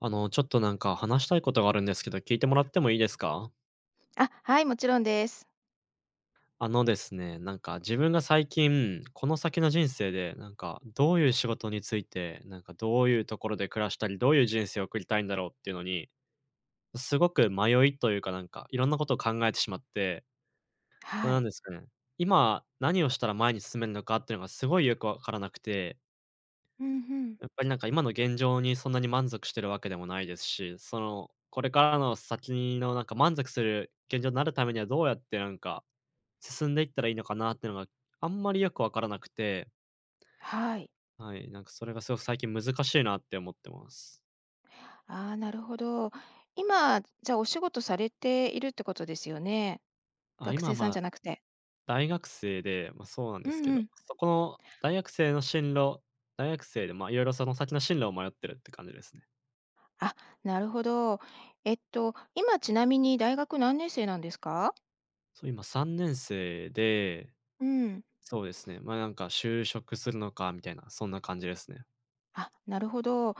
あの、ちょっとなんか話したいことがあるんですけど、聞いてもらってもいいですか？あ、はい、もちろんです。あのですね、なんか自分が最近この先の人生で、なんかどういう仕事について、なんかどういうところで暮らしたり、どういう人生を送りたいんだろうっていうのに、すごく迷いというか、なんか、いろんなことを考えてしまってま、はなんい。ですかねえ、今何をしたら前に進めるのかっていうのがすごいよくわからなくてうん、ふん。やっぱりなんか今の現状にそんなに満足しているわけでもないですし、その、これからの先のなんか満足する、現状になるためにはどうやってなんか、進んでいったらいいのかなっていうのは、あんまりよくわからなくて。はい。はい、なんかそれがすごく最近難しいなって思ってます。ああ、なるほど。今、じゃ、お仕事されているってことですよね？あ、学今、生さんまあ、じゃなくて。大学生で、ま、そうなんうですんけど、うん。そこの大学生の進路大学生で、ま、いろいろその先の進路を迷ってるって感じですね。あ、なるほど。えっと、今、ちなみに大学何年生なんですか？そう、今、3年生で、うん。そうですね。ま、なんか就職するのかみたいな、そんな感じですね。あ、なるほど。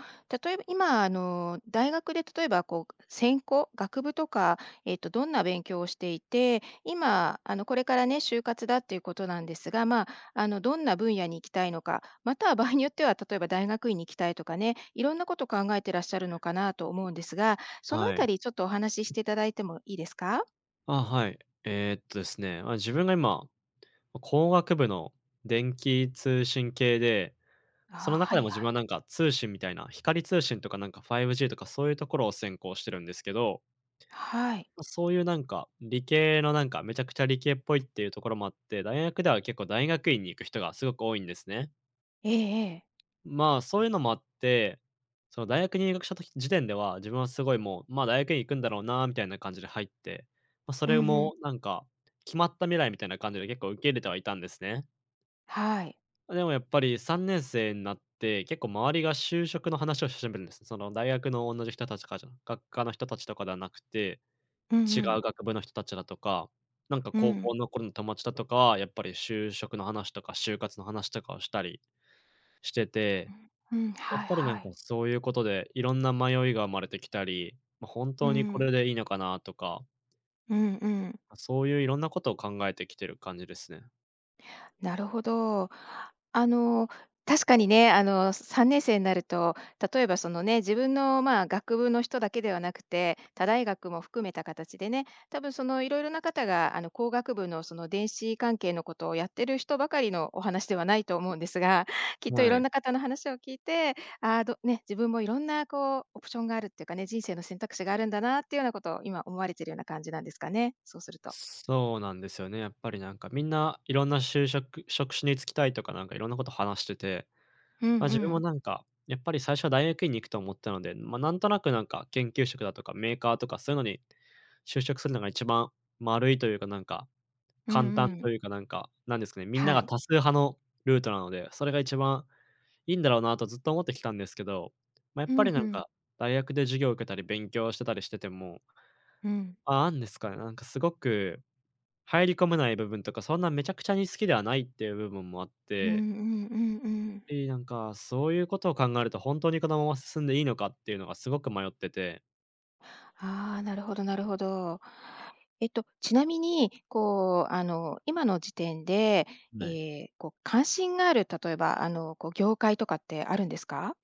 例えば、今、あの、大学で例えばこう専攻学部とか、えっと、どんな勉強をしていて、今、あの、これからね、就活だっていうことなんですが、まあ、あの、どんな分野に行きたいのか、または場合によっては例えば大学院に行きたいとかね、いろんなことを考えていらっしゃるのかなと思うんですが、そのあはたい。りちょっとお話ししていただいてもいいですか？あ、はい。えっと、ですね、あ、自分が今、ま、工学部の電気通信系で、あそのあ、は中でいも自は分はい。なんか通信みたいな、光通信とか、なんか5Gとか、そういうところを専攻してるんですけどはい。ま、そういうなんか、理系のなんか、めちゃくちゃ理系っぽいっていうところもあって、大学では結構大学院に行く人がすごく多いんですね。ええええ。まあ、そういうのもあって、その大学に入学した時時点では、自分はすごいもう、まあ大学院行くんだろうなみたいな感じで入って、まあそうれんうん。もなんか、決まった未来みたいな感じで結構受け入れてはいたんですね。はい。あ、でもやっぱり3年生になって、結構周りが就職の話をし始めるんです。その大学の同じ人たちかじゃ学科の人たちとかではなくて、うん違ううん。学部の人たちだとか、なんかう高ん。校の頃の友達だとかは、やっぱり就職の話とか就活の話とかをしたりしてて、うん、うん。やっはいぱりなはんか、い。そういうことで、いろんな迷いが生まれてきたり、ま、本う当にこん。れでいいのかなとかうんうん。ま、そういう色んなことを考えてきてる感じですね。なるほど。あの、確かにね、あの、3年生になると、例えばそのね、自分の、ま、学部の人だけではなくて、他大学も含めた形でね、たぶんその色々な方があの、工学部のその電子関係のことをやってる人ばかりのお話ではないと思うんですが、きっといはろんい。な方の話を聞いて、ああ、どね、自分も色んなこうオプションがあるってかね、人生の選択肢があるんだなっていうようなことを今、思われているような感じなんですかね？そうすると。そうなんですよね、やっぱりなんか、みんな色んな就職職種に就きたいとかなんか色んなこと話してて、うんうま、自分もん。なんかやっぱり最初は大学院に行くと思ったので、ま、なんとなくなんか研究職だとか、メーカーとかそういうのに就職するのが一番丸いというか、なんか、うん簡単うとん。いうか、なんか、なんですかね、みんなはがい。多数派のルートなので、それが一番いんだろうなとずっと思ってきたんですけど、ま、やっふぱんりふなんん。か大学で授業を受けたり勉強してたりしててもうん。ああんですかね。なんかすごく入り込めない部分とか、そんなめちゃくちゃに好きではないっていう部分もあっうんうてんうんうん。ええ、なんか、そういうことを考えると、ほんとにこのまま進んでいいのかっていうのがすごく迷っててああ、なるほどなるほど。えっと、ちなみに、こう、あの、今の時点で、えない。え、こう関心がある、例えば、あの、こう業界とかってあるんですか？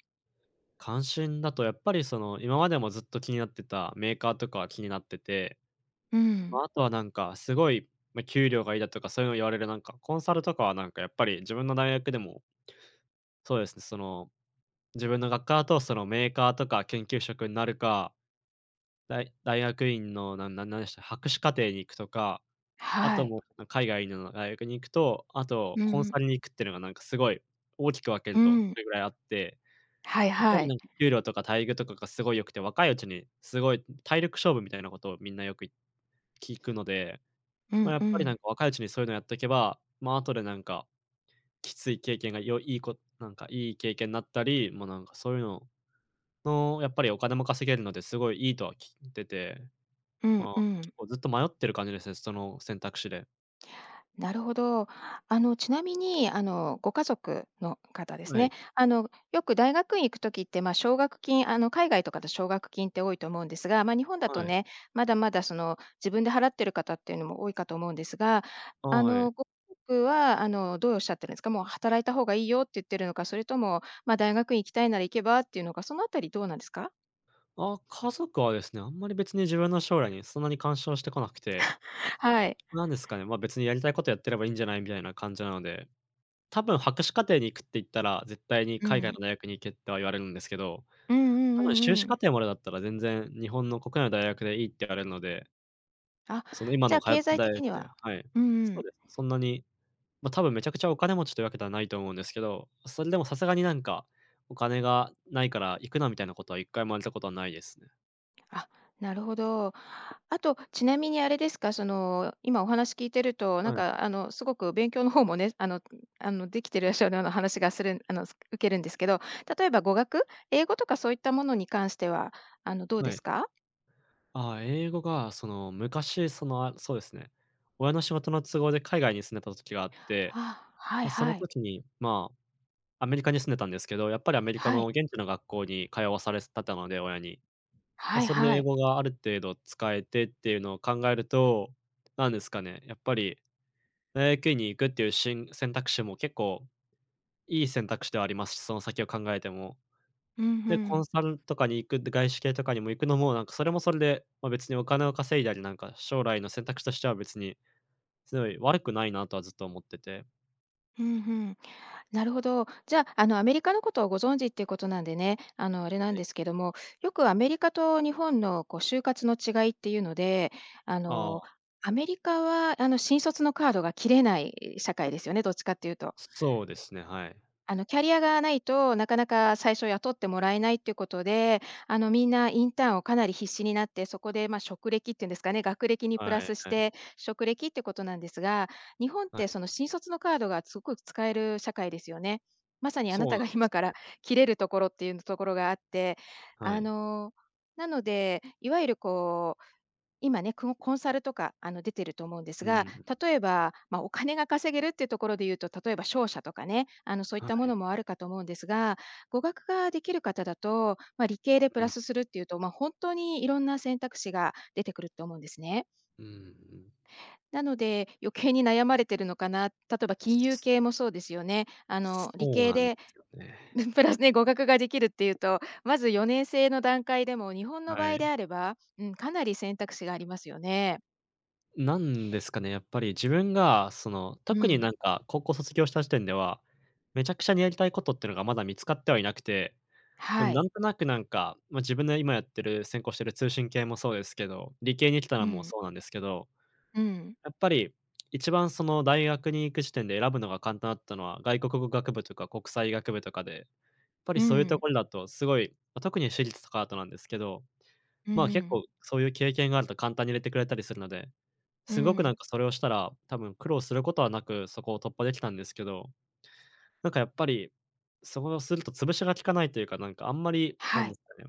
関心だとやっぱりその、今までもずっと気になってたメーカーとかは気になってて、うまん。あ、あとはなんか、すごい、ま、給料がいいだとか、そういうの言われるなんか、コンサルとかはなんかやっぱり自分の大学でもそうですね。その自分の学科だと、その、メーカーとか、研究職になるか、大大学院のなんなんでした、博士課程に行くとか、あはとい。もう、海外の大学に行くと、あとうんコンうん。サルに行くってのがなんかすごい大きく分けうると、そん。れぐらいあってはいやっぱはりい。なんか給料とか待遇とかがすごい良くて、若いうちに、すごい、ん体力勝負みたいなことをみんなよくい聞くので、うま、んやうっぱりなんん。か若いうちにそういうのをやっとけば、まあ、後でなんか、きつい経験が良いいいこなんかいい経験になったり、もう、なんかそういうのの、やっぱりお金も稼げるので、すごいいいとは聞いてて、うんまあ、うん。結構ずっと迷ってる感じですね、その選択肢で。なるほど。あのちなみに、あの、ご家族の方ですはね、い。あの、よく大学院行く時って、まあ奨学金あの、海外とかで奨学金って多いと思うんですが、まあ日本だとはい。ね、まだまだその自分で払ってる方っていうのも多いかと思うんですが、ああ、あはの、い。ご家族はあの、どうおっしゃってるんですか？もう働いた方がいいよって言っているのか、それともまあ、大学院行きたいなら行けばっていうのか、その辺りどうなんですか？あ、家族はですね、あんまり別に自分の将来にそんなに干渉してこなくて はい。なんですかね、ま、別にやりたいことやってればいんじゃないみたいな感じなので、多分博士課程に行くって言ったら、絶対にう「海外ん。の大学に行け」とは言われるんですけど、うんうんう多分修んう士課ん。程までだったら、全然、日本の国内の大学でいいって言われるのであ、その、今じゃのあ、通っ経てる済大的学っにてははい、うんうそうん。です。そんなに、ま、多分めちゃくちゃお金持ちというわけではないと思うんですけど、それでもさすがになんか、「お金がないから行くな」みたいなことは1回も言われたことはないですね。あ、なるほど。あと、ちなみにあれですか、その、今、お話聞いてると、なんはい。かあの、すごく勉強の方もね、あのあの、できてらっしゃるような話がするあの、受けるんですけど、例えば語学、英語とかそういったものに関しては、あの、どうはですい。か？ああ、英語がその、昔、その、あそうですね、親の仕事の都合で海外に住んでた時があって、あ、はいま、そのはい。時に、まあ、アメリカに住んでたんですけど、やっぱりアメリカはのい。現地の学校に通わされすたたので、親に。ま、はいそれでは英い。語がある程度使えてっていうのを考えると、何ですかね、やっぱり大学院に行くっていうしん選択肢も結構いい選択肢ではありますし、その先を考えても。うん、ふで、コンん。サルとかに行くで外資系とかにも行くのもなんかそれもそれで、まあ、別にお金を稼いだり、なんか、将来の選択肢としては別に、すごい悪くないなとはずっと思っててふんふん。なるほど。じゃあ、あの、アメリカのことをご存知っていうことなんでね、あのあれなんはい。ですけども、よくアメリカと日本のこう就活の違いっていうので、ああの、あ。アメリカはあの、新卒のカードが切れない社会ですよね、どっちかって言うとそそうですね、はい。あの、キャリアが無いと、なかなか最初雇ってもらえないっていうことで、あの、みんなインターンをかなり必死になって、そこでま、職歴って言うんですかね、学歴にプはラいスしはい。て、職歴ってことなんですが、日本っはてい。その、新卒のカードがすっごく使える社会ですよね。まさにあそなうたながんです今かよらね切れるところっていうところがあって、はあい。の、なので、いわゆるこう今ね、こコンサルとか、あの出ていると思うんですうが、ん。例えば、ま、お金が稼げるっていうところで言うと、例えば商社とかね、あの、そういっはたもい。のもあるかと思うんですが、語学が出来る方だと、ま、理系でプうラん。スするって言うと、ま、ほんっとにいろんな選択肢が出てくると思うんですね。うんうんうん。なので、余計に悩まれているのかな。例えば金融系もそうですよね。あの理そう系なんでですよね。プラスで語学ができるっていうと、まず4年制の段階でも日本の場は合でい。あれば、うん、かなり選択肢がありますよね。なんですかね、やっぱり自分が、その、う特になん。んか高校卒業した時点では、めちゃくちゃにやりたいことっていうのがまだ見つかってはいなくて、ま、はない。んとなくなんか、ま、自分の今やってる専攻してる通信系もそうですけど、理系に来たのうもん。そうなんですけど、うん。やっぱり1番その大学に行く時点で選ぶのが簡単だったのは、外国語学部とか国際学部とかで、やっぱりうそういうとん。ころだとすごい、ま、特に私立とかあとなんですけど、うんうま、結ん。構そういう経験があると簡単に入れてくれたりするので、うすごくなんん。かそれをしたら、多分苦労することはなく、そこを突破できたんですけど。なんかやっぱり、そおすると潰しが効かないというか、なんかあんまり、はなんでい。すかね、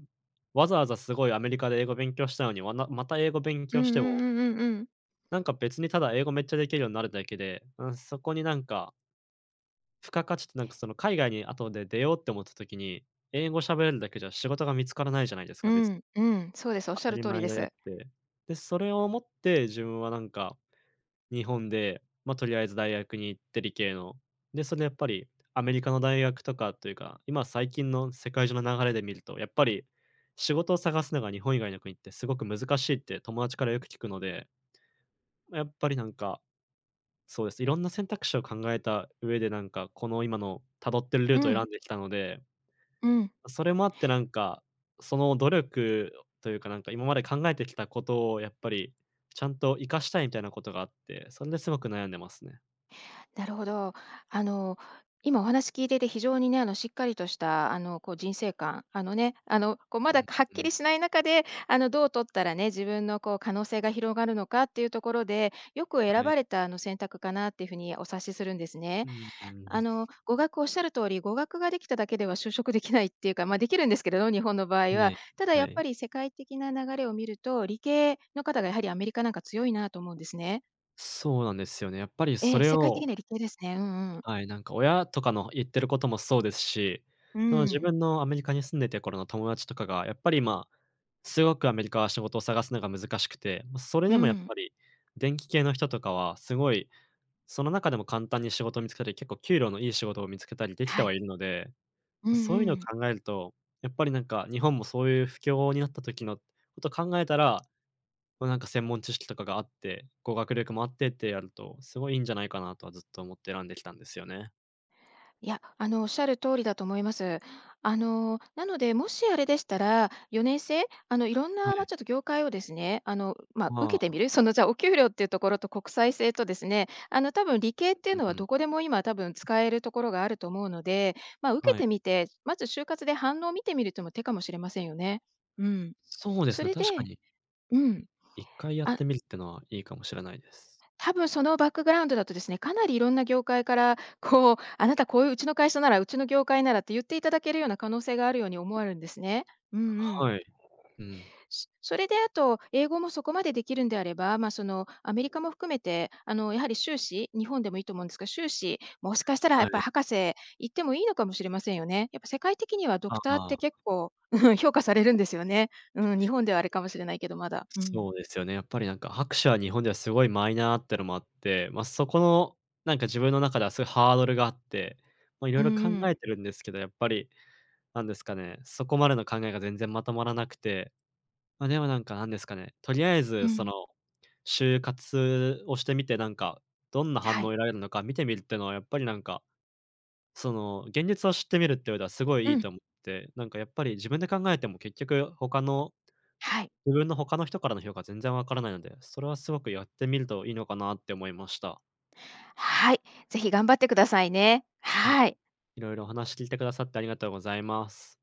わざわざすごいアメリカで英語勉強したのに、わなまた英語勉うん強うしてんもうんうんうん。なんか別に、ただ英語めっちゃできるようになるだけで、うん、そこになんか付加価値ってなんかその、海外に後で出ようって思った時に、英語喋れるだけじゃ仕事が見つからないじゃないですうか、別ん、うん、そうです。おっ当しゃたるり通り前でであっす。て、で、それをもって自分はなんか、日本で、ま、とりあえず大学に行って理系の、で、それでやっぱりアメリカの大学とかというか、今最近の世界中の流れで見ると、やっぱり、仕事を探すのが日本以外の国ってすごく難しいって友達からよく聞くので、ま、やっぱりなんか。そうです。いろんな選択肢を考えた上で、なんか、この、今の辿ってるルーうトを選ん。んできたので、うん。ま、それもあってなんか、その努力というか、なんか今まで考えてきたことをやっぱり、ちゃんと活かしたいみたいなことがあって、それですごく悩んでますね。なるほど。あの、今お話聞いてて非常にね、あの、しっかりとした、あの、こう、人生観、あの、ね、あの、こう、うまだん、はっうきん。りしない中で、あの、どう取ったらね、自分の、こう、可能性が広がるのかっていうところで、よくは選い。ばれた、あの、選択かなっていう風にお察しするんですうね。んうん。あの、語学おっしゃる通り、語学ができただけでは就職できないっていうか、ま、できるんですけど、日本の場合は。ね、ただはやっい。ぱり世界的な流れを見ると、理系の方がやはりアメリカ、なんか、強いなと思うんですね。そうなんですよね。やっぱりそえ、れ世界的をには理系ですね。うんうん。はい、なんか、親とかの言ってることもそうですし、うーその、自ん。分のアメリカに住んでて頃の友達とかがやっぱり、ま、すごくアメリカは仕事を探すのが難しくて、ま、それうーでもやっん。ぱり電気系の人とかはすごい、その中でも簡単に仕事を見つけて、結構給料のいい仕事を見つけたりできてははい。いるので、うんそういううのをん。考えると、やっぱり、なんか、日本もそういう不況になった時のことを考えたら、ま、なんか、専門知識とかがあって、語学力もあってってやると、すごい、いいんじゃないかな、とはずっと思って選んできたんですよね。いや、あのおっしゃる通りだと思います。あの、なので、もしあれでしたら、4年制あの、いろんはなま、い。ちょっと業界をですね、あのま、受はけあ。てみる、そのじゃあ、お給料っていうところと国際制とですね、あの多分理系っていううのはうん。どこでも今多分使えるところがあると思うので、ま、受けはい。てみて、まず就活で反応を見てみるってのも手かもしれませんよね。うん。そうですそね、れ確かでに。うん1回やっあてみるってのはいいかもしれないです。たぶんそのバックグラウンドだとですね、かなりいろんな業界から、こう、あなたこううちの会社なら、うちの業界ならって言っていただけるような可能性があるように思えるんですね。うんうん。はい、うん。そそれであと、英語もそこまでできるんであれば、ま、そのアメリカも含めて、あのやはり修士、日本でもいいと思うんですが、修士、もしかしたらやはっぱい。博士行ってもいいのかもしれませんよね。やっぱ世界的にはドあクターっあ。て r 結構、うん、評価されるんですよね。うん、日本ではあれ [unintelligible] かもしれないけど、まだ、うそん。うですよね。やっぱりなんか博士は日本ではすごいマイナーってのもあって、ま、そこの、なんか自分の中ではそういうハードルがあって、ま、いろういんろ考うえん。てるんですけど、やっぱりなんですかね、そこまでの考えが全然まとまらなくて、ま、でもなんか、なんですかね、とりあえうずそん。の、就活をしてみてなんか、どんな反は応をい。得られるのか見てみるっていうのはやっぱりなんか、その、現実を知ってみるって上ではすごいういいん。と思って、なんかやっぱり自分で考えても、結局他のはい。自分の他の人からの評価全然わからないので、それはすごくやってみるといいのかなって思いました。はい、ぜひ頑張ってくださいね、あ、はい。いろいろお話聞いてくださってありがとうございます。